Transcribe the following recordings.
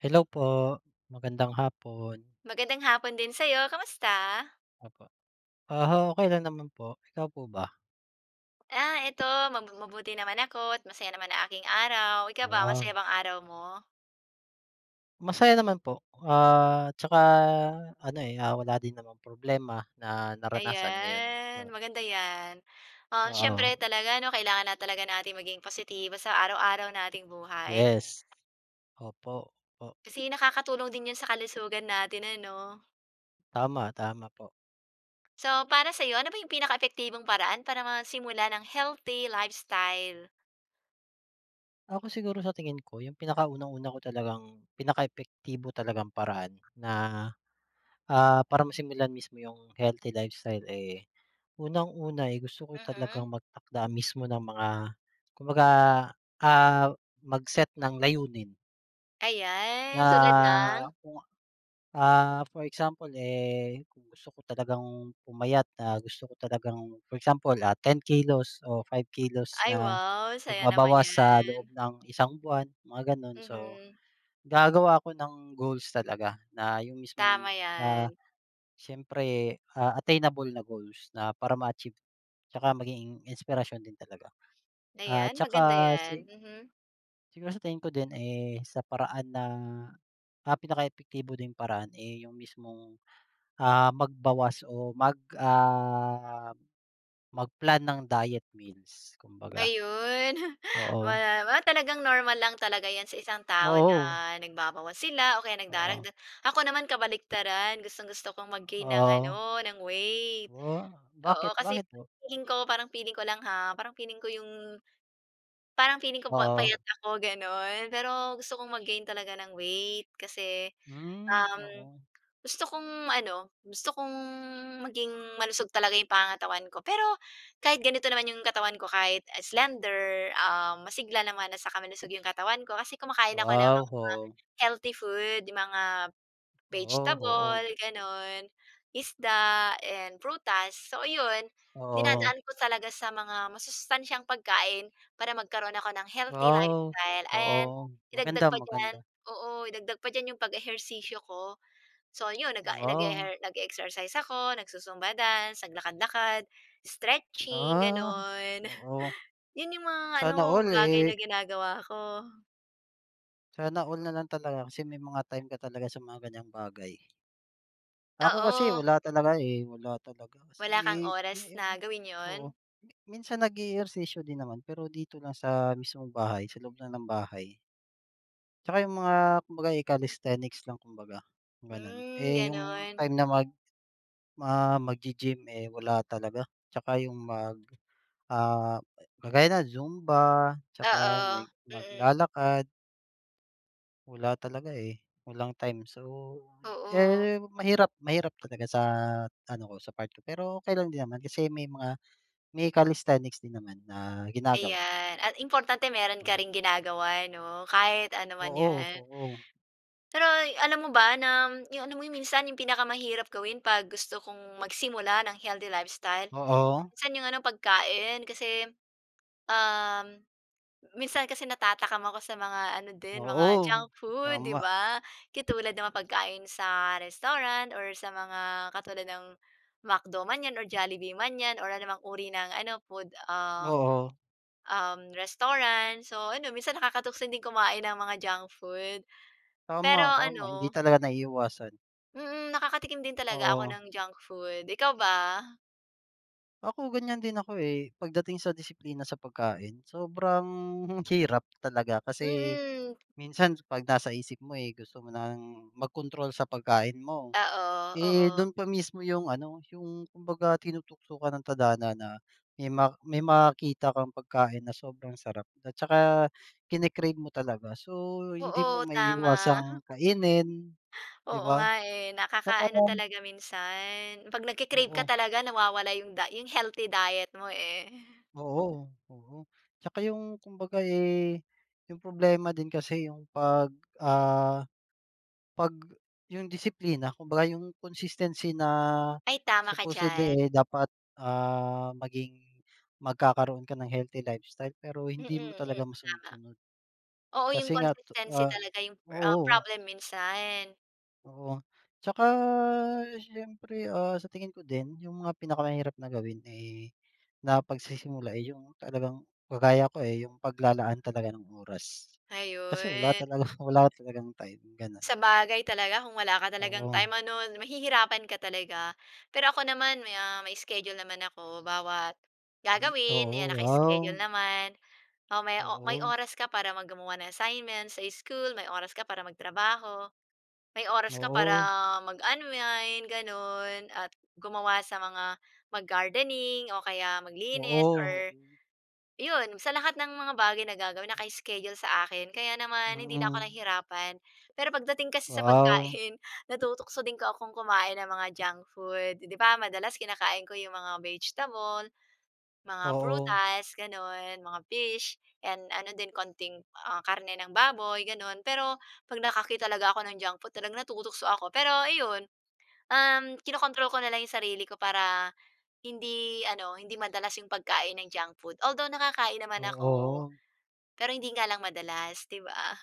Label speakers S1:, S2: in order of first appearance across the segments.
S1: Hello po. Magandang hapon.
S2: Magandang hapon din sa'yo. Kamusta?
S1: Opo. Ah, ho, okey lang naman po. Ikaw po ba?
S2: Ah, eto ma mabuti naman ako't masaya naman ang aking araw. Ikaw ba,
S1: Ah.
S2: masaya bang araw mo?
S1: Masaya naman po. Ah, 'tsaka ano, eh, ah, wala din namang problema na naranasan ngayon.
S2: Ayan.
S1: Oh.
S2: Maganda 'yan. Ah, siyempre
S1: Oo.
S2: talaga 'no, kailangan lang talaga nating maging positibo sa araw-araw nating buhay.
S1: Yes. Opo. Po.
S2: Kasi nakakatulong din 'yon sa kalusugan natin, ano?
S1: Tama. Tama, po.
S2: So para sa'yo, ano ba 'yung pinaka epektibong paraan para masimulan ang healthy lifestyle?
S1: Ako siguro sa tingin ko 'yung pinaka unang-una ko talagang pinaka epektibo talagang paraan na, ah, para masimulan mismo 'yung healthy lifestyle, eh, unang-una, eh, gusto ko
S2: Mm.
S1: talagang magtakda mismo ng mga kumbaga, ah, mag-set ng layunin. Na
S2: Ayan. Tulad ng?
S1: kung ah, for example, eh, kung gusto ko talagang pumayat, ah, gusto ko talagang for example, ah, 10 kilos o 5 kilos
S2: Ay,
S1: na
S2: wow. Saya naman
S1: magbabawas sa loob
S2: niyan.
S1: ng isang buwan, mga gano'n, so
S2: Mm.
S1: gagawa ako ng goals talaga na 'yung mismong,
S2: Tama,
S1: ah,
S2: 'yan.
S1: siyempre, ah, attainable na goals na para ma-achieve. 'Tsaka maging inspirasyon din talaga. Ah,
S2: Ayan, maganda
S1: 'tsaka si
S2: 'yan. Mhm.
S1: siguro sa tingin ko din, eh, sa paraan ng, ah, pinaka epektibo ding paraan, eh, 'yung mismong, ah, magbawas o mag ah, mag-plan ng diet meals kumbaga.
S2: Ayun.
S1: Oo.
S2: Ma ma talagang normal lang talaga 'yan sa isang tao na
S1: Oo.
S2: nagbabawas sila o kaya
S1: Oo.
S2: nagdaragdag. Ako naman kabaliktaran, gustong-gusto kong mag-gain ng
S1: Ah.
S2: ano, ng weight.
S1: Whoa. Bakit,
S2: Oo, kasi
S1: bakit po?
S2: feeling ko parang feeling ko lang ha, parang feeling ko 'yong parang feeling ko pa
S1: Oo.
S2: payat ako gano'n. Pero gusto kong mag-gain talaga ng weight, kasi,
S1: Hmm,
S2: um,
S1: oo.
S2: gusto kong ano, gusto kong maging malusog talaga 'yung pangangatawan ko. Pero kahit ganito naman 'yung katawan ko kahit, ah, slender, ah, masigla naman at saka malusog 'yung katawan ko kasi kumakain ako ng
S1: Wow,
S2: mga
S1: oh.
S2: healthy food. 'Yung mga
S1: Wow, oo.
S2: vegetable
S1: Ga
S2: gano'n, isda and prutas. So ayun,
S1: Oo.
S2: dinadaan ko talaga sa mga masustansyang pagkain para magkaroon ako ng healthy
S1: Wow.
S2: lifestyle and
S1: Oo.
S2: idagdag
S1: Maganda,
S2: pa diyan,
S1: maganda.
S2: oo idagdag pa diyan 'yung pag-ehersisyo ko. So yun nag-a
S1: Wow.
S2: nag-eher nag-eexercise ako, nagzu-zumba dance, naglakad-lakad, stretching
S1: Ah.
S2: gano'n.
S1: Oo.
S2: Yun 'yung mga
S1: Sana
S2: ano
S1: all,
S2: bagay
S1: eh.
S2: na ginagawa ko.
S1: Sana all na lang talaga. Kasi may mga time ka talaga sa mga ganyang bagay. Ako kasi,
S2: Oo.
S1: wala talaga, eh. Wala talaga kasi,
S2: Wala kang
S1: eh, me
S2: oras
S1: eh,
S2: na gawin
S1: oo.
S2: 'yon?
S1: Minsan nag-e-ehersisyo din naman, pero dito lang sa mismong bahay, sa loob lang ng bahay. Tsaka yung mga kumbaga, eh, calisthenics lang kumbaga, gano'n.
S2: Hmm,
S1: Eh, yung
S2: gano'n.
S1: time na mag ma maggi-gym, eh, wala talaga. Tsaka yung mag, ah, kagaya ng Zumba tsaka
S2: Oo,
S1: may
S2: mm.
S1: maglalakad. Wala talaga, eh, walang time. So,
S2: Oo.
S1: eh, mahirap mahirap talaga sa ano ko, sa part ko. Pero okey lang din naman kasi may mga may calisthenics din naman na ginagawa.
S2: Ayan. At importante meron ka
S1: Oo.
S2: ring ginagawa 'no, kahit ano man
S1: Oo,
S2: 'yan.
S1: oo.
S2: Pero ay, alam mo ba nam yung ano mo minsan, yung pinakamahirap gawin 'pag gusto kong magsimula ng healthy lifestyle?
S1: Oo.
S2: Minsan yung ano, pagkain. Kasi, um, minsan kasi natatakam ako sa mga ano din, mga
S1: Oo,
S2: junk food, 'di
S1: tama.
S2: ba? Katulad ng mga pagkain sa restaurant or sa mga, katulad ng McDo man 'yan or Jollibee man 'yan or anumang uri ng ano, food, ah,
S1: Oo.
S2: um, restaurant. So ano, minsan nakakatukso ding kumain ng mga junk food. Pero
S1: Tama, tama. Hindi
S2: ano
S1: talaga naiiwasan.
S2: Mm, nakakatikim din talaga ako
S1: Oo.
S2: ng junk food. Ikaw ba?
S1: Ako, ganiyan din ako, eh, pagdating sa disiplina sa pagkain. Sobrang hirap talaga, kasi
S2: Mm.
S1: minsan kapag nasa isip mo, eh, gusto mo nang magkontrol sa pagkain mo.
S2: Oo,
S1: Eh,
S2: oo.
S1: do'n pa mismo yung ano, yung kumbaga tinutukukan ng tadhana na may ma may makita kang pagkain na sobrang sarap at saka kini-crave mo talaga. So, hindi mo
S2: Oo, tama.
S1: maiiwasang kainin, 'di
S2: Oo
S1: ba?
S2: nga, eh.
S1: Tsaka
S2: Nakaka-ano talaga minsan, 'pag nagki-crave ka
S1: Oo.
S2: talaga, nawawala yung die yung healthy diet mo, eh.
S1: Oo, oo. Tsaka yung kumbaga, eh, yung problema din kasi yung pag ah, 'pag yun disiplina, kumbaga yung consistency na
S2: Ay, tama ka diyan.
S1: supposedly, eh, dapat, ah, maging magkakaroon ka ng healthy lifestyle, pero
S2: Mm,
S1: hindi mo
S2: mm.
S1: talaga
S2: Tama.
S1: masunod-sunod.
S2: Oo, yung
S1: Kasi nga to
S2: consistency
S1: ah,
S2: talaga yung pro ah,
S1: oo.
S2: problem minsan.
S1: Oo, tsaka siyempre, ah, sa tingin ko din, yung mga pinakamahirap na gawin, eh, na pagsisimula, eh, yung talagang kagaya ko, eh, yung paglalaan talaga ng oras. Kasi wala
S2: Ayun.
S1: talaga, wala talagang time, gano'n.
S2: Sabagay talaga, kung wala ka talagang
S1: Oo.
S2: time ano, mahihirapan ka talaga. Pero ako naman may, ah, may schedule naman ako, bawat gagawin, ayan
S1: Oo, wow.
S2: naka-schedule naman. O may o may
S1: Oo.
S2: oras ka para mag gumawa ng assignment sa school, may oras ka para magtrabaho, may oras ka para
S1: Oo.
S2: mag-unwind, gano'n. At gumawa sa mga mag-gardening o kaya maglinis
S1: Oo,
S2: or
S1: oo.
S2: 'yon sa lahat ng mga bagay na gagawin, naka-schedule sa akin. Kaya naman hindi na ako
S1: Mm.
S2: nahirapan. Pero pagdating kasi sa
S1: Wow.
S2: pagkain, natutukso din ko akong kumain ng mga junk food. Eh, di ba madalas kinakain ko yung mga vegetable, mga
S1: Oo.
S2: prutas gano'n, mga fish, and ano din konting, ah, karne ng baboy, gano'n. Pero 'pag nakakita talaga ako ng junk food, talagang natutukso ako. Pero ayon, um, kinokontrol ko na lang yung sarili ko para hindi ano, hindi madalas yung pagkain ng junk food. Although, nakakain
S1: O,
S2: naman ako,
S1: oo.
S2: pero hindi nga lang madalas, 'di ba?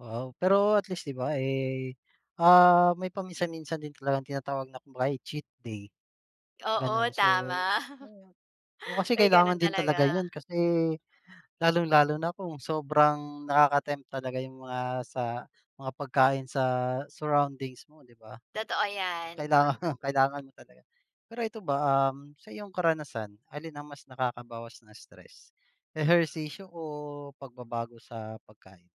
S1: Wow, pero at least 'di ba, eh, ah, may paminsan-minsan din talagang tinatawag na kung baga ay cheat day,
S2: Oo,
S1: gano'n. So,
S2: tama.
S1: o, oo, kasi
S2: May ganun
S1: kailangan din talaga
S2: talaga.
S1: 'yon kasi lalong-lalo na kung sobrang nakaka-tempt talaga yung mga sa mga pagkain sa surroundings mo, 'di ba?
S2: Totoo 'yan.
S1: Kailangang kailangan mo talaga. Pero ito ba, um, sa iyong karanasan, alin ang mas nakakabawas ng stress? Ehersisyo o pagbabago sa pagkain?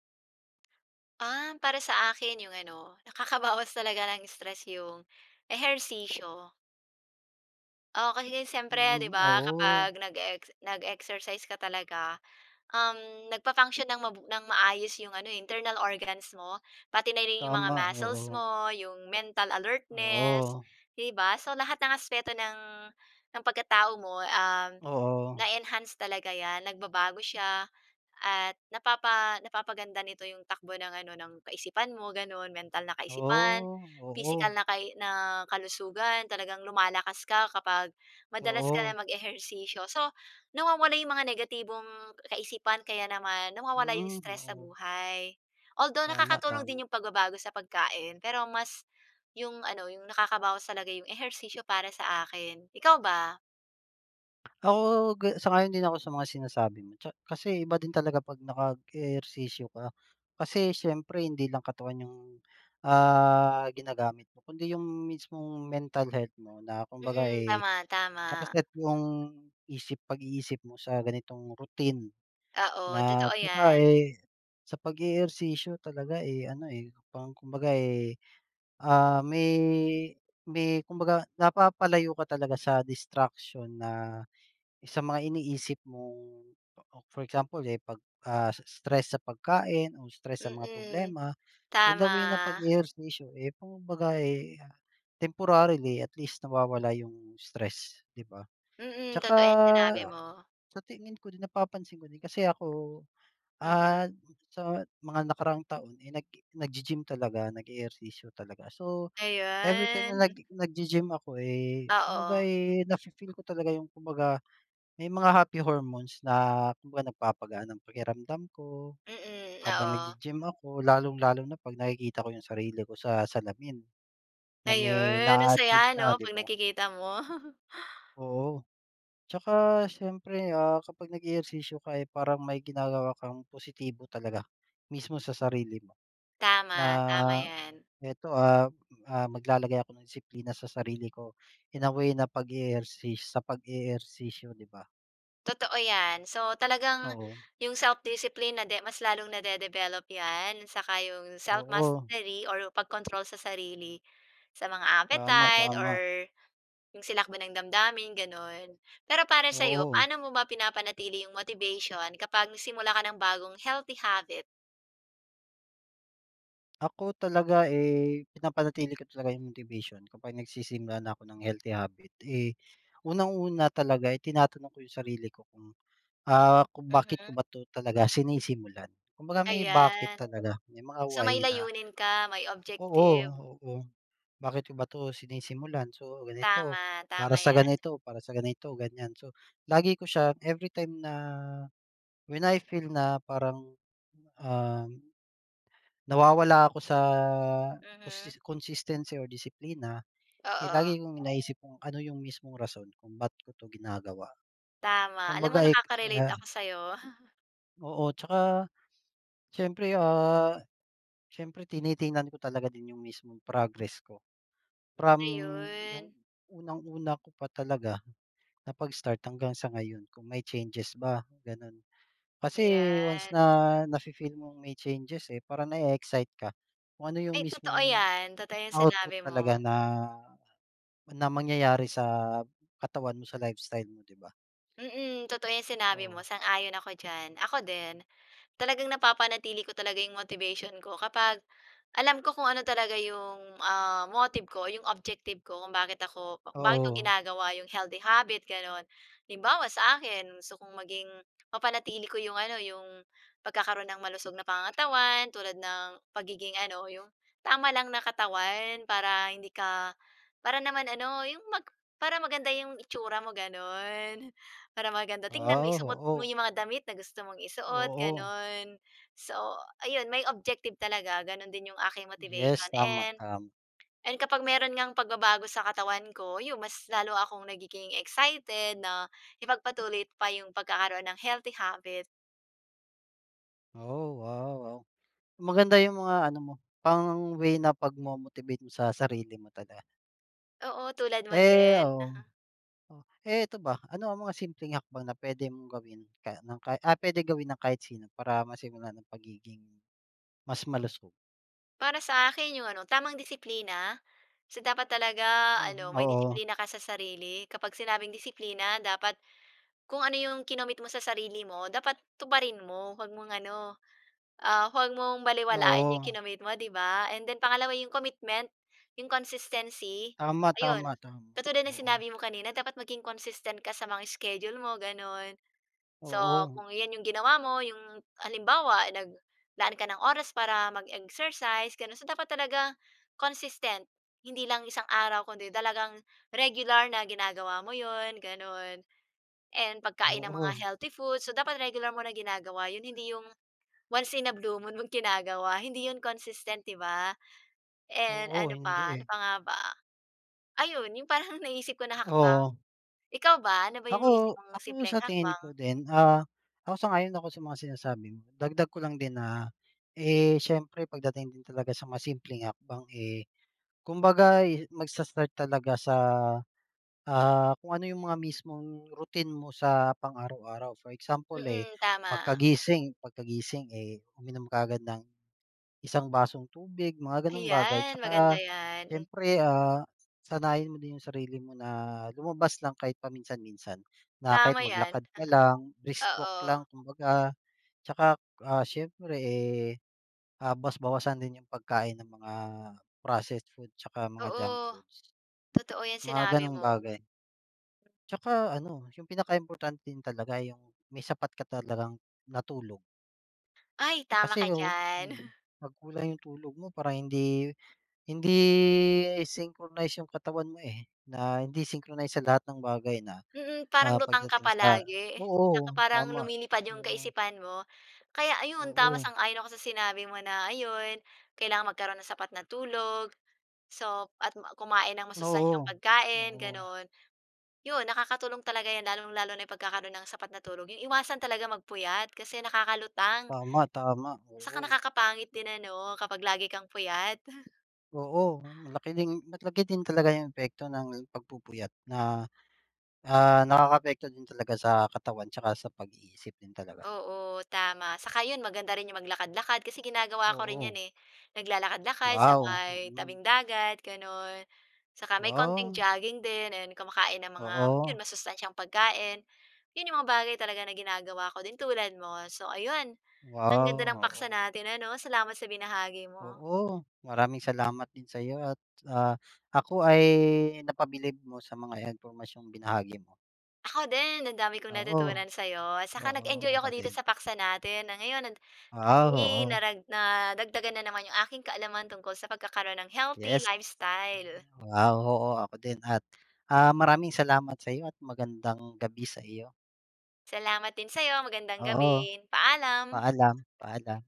S2: Ah, para sa akin yung ano, nakakabawas talaga ng stress yung ehersisyo. Oo, kasi siyempre 'di
S1: Mm,
S2: ba,
S1: oo.
S2: kapag nag-e-ex nag-exercise ka talaga, um, nagfa-function ng mabu nang maayos yung ano, eh, internal organs mo, pati na rin yung mga
S1: Tama,
S2: muscles
S1: oo.
S2: mo, yung mental alertness,
S1: Oo.
S2: 'di ba? So, lahat ng aspeto ng ng pagkatao mo, um,
S1: Oo.
S2: na-e-enhance talaga 'yan, nagbabago siya at napapa napapaganda nito yung takbo ng ano, ng kaisipan mo, gano'n. Mental na kaisipan,
S1: Oh, oo.
S2: pisikal na kai na kalusugan. Talagang lumalakas ka kapag madalas ka na
S1: Oo.
S2: mag-ehersisyo. So, nawawala yung mga negatibong kaisipan, kaya naman nawawala yung
S1: Mm,
S2: stress sa
S1: oo.
S2: buhay. Although,
S1: Tama,
S2: nakakatulong
S1: tama.
S2: din yung pagbabago sa pagkain, pero mas yung ano, yung nakakabawas talaga yung ehersisyo para sa akin. Ikaw ba?
S1: Ako, ga sang-ayon din ako sa mga sinasabi mo tsa kasi iba din talaga 'pag nakag ehersisyo ka. Kasi siyempre hindi lang katawan yung, ah, ginagamit mo kundi yung mismong mental health mo na kumbaga,
S2: Mm.
S1: eh,
S2: Tama, tama.
S1: naka-set yung isip, pag-iisip mo sa ganitong routine
S2: Oo,
S1: na
S2: totoo
S1: tsaka,
S2: 'yan.
S1: eh, sa pag-e-ehersisyo, talaga, eh, ano, eh, parang kumbaga, eh, ah, may may kumbaga napapalayo ka talaga sa distraction na sa mga iniisip mong, for example, eh, 'pag, ah, is stress sa pagkain o stress sa mga
S2: Mm,
S1: problema, eh, the way na
S2: Tama.
S1: pag-e-ehersisyo, eh, kumbaga, eh, temporarily. At least nawawala yung stress, 'di ba?
S2: Mm,
S1: Tsaka,
S2: totoo 'yang sinabi mo.
S1: sa tingin ko din, napapansin ko din, kasi ako,
S2: Mm.
S1: ah, sa mga nakaraang taon, eh, nag-e naggi-gym talaga, nag-e-ehersisyo talaga. So, everytime na
S2: Ayun.
S1: naggi naggi-gym ako, eh, kumbaga,
S2: Oo.
S1: eh, nafi-feel ko talaga yung, kumbaga may mga happy hormones na kumbaga nagpapagaan ng pakiramdam ko,
S2: Mm,
S1: habang
S2: oo.
S1: naggi-gym ako. Lalong-lalo na 'pag nakikita ko yung sarili ko sa salamin, na may
S2: Ayun,
S1: na-a-achieve
S2: masaya
S1: na,
S2: ano,
S1: 'di
S2: 'pag
S1: ba?
S2: nakikita mo?
S1: Oo. Tsaka siyempre, ah, kapag nag-e-ehersisyo ka, eh, parang may ginagawa kang positibo talaga, mismo sa sarili mo, na
S2: Tama, tama 'yan.
S1: eto, ah, ah, maglalagay ako ng disiplina sa sarili ko, in a way na pag-eehersi sa pag-e-ehersisyo, di ba?
S2: Totoo 'yan. So, talagang
S1: Oo.
S2: yung self-discipline nade mas lalong nade-develop 'yan, saka yung
S1: Oo.
S2: self-mastery or pagkontrol sa sarili sa mga
S1: Tama,
S2: appetite
S1: tama.
S2: or yung silakbo ng damdamin, gano'n. Pero para sa'yo,
S1: Oo.
S2: paano mo ba pinapanatili yung motivation kapag nagsimula ka ng bagong healthy habit?
S1: Ako talaga, eh, pinapanatili ko talaga yung motivation kapag nagsisimula na ako ng healthy habit. Eh, unang-una talaga, eh, tinatanong ko yung sarili ko kung, ah, kung bakit ko
S2: Mhm.
S1: ba 'to talaga sinisimulan. Kumbaga may
S2: Ayan.
S1: bakit talaga, may mga
S2: So,
S1: why
S2: may
S1: na
S2: layunin ka, may
S1: Oo,
S2: objective.
S1: oo. Bakit ko ba 'to sinisimulan? So, ganito,
S2: Tama,
S1: para
S2: tama
S1: sa
S2: 'yan.
S1: ganito, para sa ganito, ganiyan. So, lagi ko siya everytime na, when I feel na parang, um, nawawala ako sa
S2: Mm.
S1: costis consistency or disiplina. Eh,
S2: Oo.
S1: lagi kong naisip kung ano yung mismong rason kung ba't ko 'to ginagawa.
S2: Tama. Alam mo
S1: Kumbaga, eh, k
S2: nakaka-relate
S1: ah
S2: ako sa'yo.
S1: Oo, tsaka siyempre, ah, siyempre tinitingnan ko talaga din yung mismong progress ko. From yung
S2: Ayun.
S1: unang-una ko pa talaga na pag-start hanggang sa ngayon kung may changes ba, gano'n. Kasi once
S2: Ayan.
S1: na nafi-feel mong may changes, eh, parang nae-excite ka kung ano yung
S2: Ay, totoo
S1: mismong
S2: 'yan, totoo 'yang
S1: output
S2: sinabi mo.
S1: talaga na na mangyayari sa katawan mo, sa lifestyle mo, 'di ba?
S2: Mm. Totoo 'yang sinabi mo,
S1: Oo.
S2: sang-ayon ako diyan. Ako din, talagang napapanatili ko talaga yung motivation ko kapag, alam ko kung ano talaga yung, ah, motive ko, yung objective ko kung bakit ako, ba bakit ako
S1: Oo.
S2: ginagawa yung healthy habit gano'n. Halimbawa sa akin, gusto kong maging mapanatili ko yung ano, yung pagkakaroon ng malusog na pangangatawan tulad ng pagiging ano, yung tama lang na katawan para hindi ka para naman ano yung mag para maganda yung itsura mo, gano'n. Para maganda tignan,
S1: Ah,
S2: maisuot mo
S1: oo.
S2: yung mga damit na gusto mong isuot,
S1: Oo.
S2: gano'n. So ayun, may objective talaga. Ganun din yung aking
S1: Yes.
S2: motivation
S1: Tama,
S2: and
S1: tama.
S2: and kapag meron ngang pagbabago sa katawan ko, yun mas lalo akong nagiging excited na ipagpatuloy pa yung pagkakaroon ng healthy habit.
S1: Oh, wow, wow. Maganda yung mga ano mo, pang-way na pagmo-motivate mo sa sarili mo talaga.
S2: Oo, tulad mo
S1: Eh,
S2: din.
S1: oo.
S2: Uh-huh.
S1: O, eh, ito ba, ano ang mga simpleng hakbang na puwede mong gawin ka ng ka ah, puwede gawin ng kahit sino para masimulan ang pagiging mas malusog?
S2: Para sa akin, yung ano, tamang disiplina. So, dapat talaga
S1: Mhm,
S2: ano, may
S1: oo.
S2: disiplina ka sa sarili. Kapag sinabing disiplina, dapat kung ano yung kinomit mo sa sarili mo, dapat tuparin mo. 'Wag mong ano, ah, huwag mong balewalain yung
S1: Oo.
S2: ikinomit mo, 'di ba? And then, pangalawa yung commitment, yung consistency,
S1: Tama,
S2: ayun
S1: tama, tama.
S2: katulad ng
S1: Oo.
S2: sinabi mo kanina, dapat maging consistent ka sa mga schedule mo, gano'n. So,
S1: Oo.
S2: kung iyan yung ginawa mo, yung halimbawa naglaan ka ng oras para mag-exercise, gano'n. So, dapat talaga consistent, hindi lang isang araw kundi talagang regular na ginagawa mo 'yon, gano'n. And, pagkain ng mga
S1: Oo.
S2: healthy food, so dapat regular mo na ginagawa 'yon, hindi yung once in a blue moon mong ginagawa, hindi 'yon consistent, 'di ba? And,
S1: Oo.
S2: ano
S1: Hindi,
S2: pa ano
S1: eh.
S2: pa nga ba? Ayon, yung parang naiisip ko na hakbang.
S1: Oo.
S2: Ikaw ba, ano ba yung naisip
S1: Ako,
S2: mong
S1: ako
S2: simpleng
S1: sa tingin
S2: hakbang?
S1: ko din, ah, ako sang-ayon ako sa mga sinasabi mo. Dagdag ko lang din na, eh, siyempre pagdating din talaga sa mga simpleng hakbang, eh, kumbaga, eh, magsa-start talaga sa, ah, kung ano yung mga mismong routine mo sa pang-araw-araw. For example, eh,
S2: Mm, tama.
S1: pagkagising pagkagising, eh, uminom ka agad ng isang basong tubig, mga gano'ng bagay.
S2: Ayan, maganda
S1: Tsaka
S2: 'yan.
S1: siyempre, ah, sanayin mo din yung sarili mo na lumabas lang kahit paminsan-minsan na kahit
S2: Tama 'yan.
S1: maglakad ka lang, brisk
S2: Uh-huh.
S1: walk lang
S2: Oo.
S1: kumbaga. Tsaka, ah, siyempre, eh, ah, bawas-bawasan din yung pagkain ng mga processed food tsaka mga junk
S2: Oo.
S1: foods,
S2: Totoo 'yan
S1: mga
S2: sinabi
S1: gano'ng
S2: mo.
S1: bagay. Tsaka ano, yung pinakaimportante din talaga yung may sapat ka talagang na tulog.
S2: Ay, tama
S1: Kasi
S2: ka
S1: o,
S2: diyan.
S1: mm, 'pag kulang yung tulog mo, parang hindi hindi, eh, synchronize yung katawan mo, eh, na hindi synchronize sa lahat ng bagay na,
S2: Mm,
S1: ah,
S2: parang lutang ka
S1: pagdating sa
S2: palagi. Tsaka
S1: oo.
S2: parang
S1: Tama,
S2: lumilipad yung
S1: oo.
S2: kaisipan mo. Kaya ayon, tama,
S1: Oo.
S2: sang-ayon ako sa sinabi mo na ayun, kailangang magkaroon nang sapat na tulog, so at ma kumain ng masustansiyang
S1: Oo,
S2: pagkain,
S1: oo.
S2: gano'n. Yun, nakakatulong talaga 'yan, lalong-lalo na yung pagkakaroon ng sapat na tulog. Iiwasan talaga magpuyat kasi nakakalutang.
S1: Tama. Tama,
S2: Saka
S1: oo.
S2: nakakapangit din ano, kapag lagi kang puyat.
S1: Oo. Malaki ding malaki din talaga yung epekto ng pagpupuyat na ah, nakakaapekto din talaga sa katawan tsaka sa pag-iisip din talaga.
S2: Oo, tama. Saka 'yon, maganda rin yung maglakad-lakad kasi ginagawa ko rin
S1: Oo.
S2: 'yan, eh. Naglalakad-lakad sa
S1: Wow,
S2: may
S1: mm.
S2: tabing-dagat, gano'n. Saka may konting
S1: Wow.
S2: jogging din. Ayun, kumakain ng mga,
S1: Oo.
S2: 'yon masustansiyang pagkain. Yun 'yong mga bagay talaga na ginagawa ko din, tulad mo. So ayun, ang ganda ng
S1: Wow,
S2: paksa
S1: oo.
S2: natin ano. Salamat sa binahagi mo.
S1: Oo. Maraming salamat din sa'yo at ah, ako ay napabilib mo sa mga impormasyong binahagi mo.
S2: Ako din, ang dami kong
S1: Oo.
S2: natutunan sa'yo. Saka
S1: Oo, ay
S2: nag-enjoy ako
S1: ako
S2: dito
S1: din.
S2: sa paksa natin. Ah, ngayon nan
S1: Wow,
S2: i
S1: oo.
S2: narag nadagdagan na naman yung aking kaalaman tungkol sa pagkakaroon ng healthy
S1: Yes.
S2: lifestyle.
S1: Wow. Oo ako din at, ah, maraming salamat sa'yo at magandang gabi sa iyo.
S2: Salamat din sa'yo. Magandang
S1: Oo.
S2: gabi. Paalam.
S1: Paalam, paalam.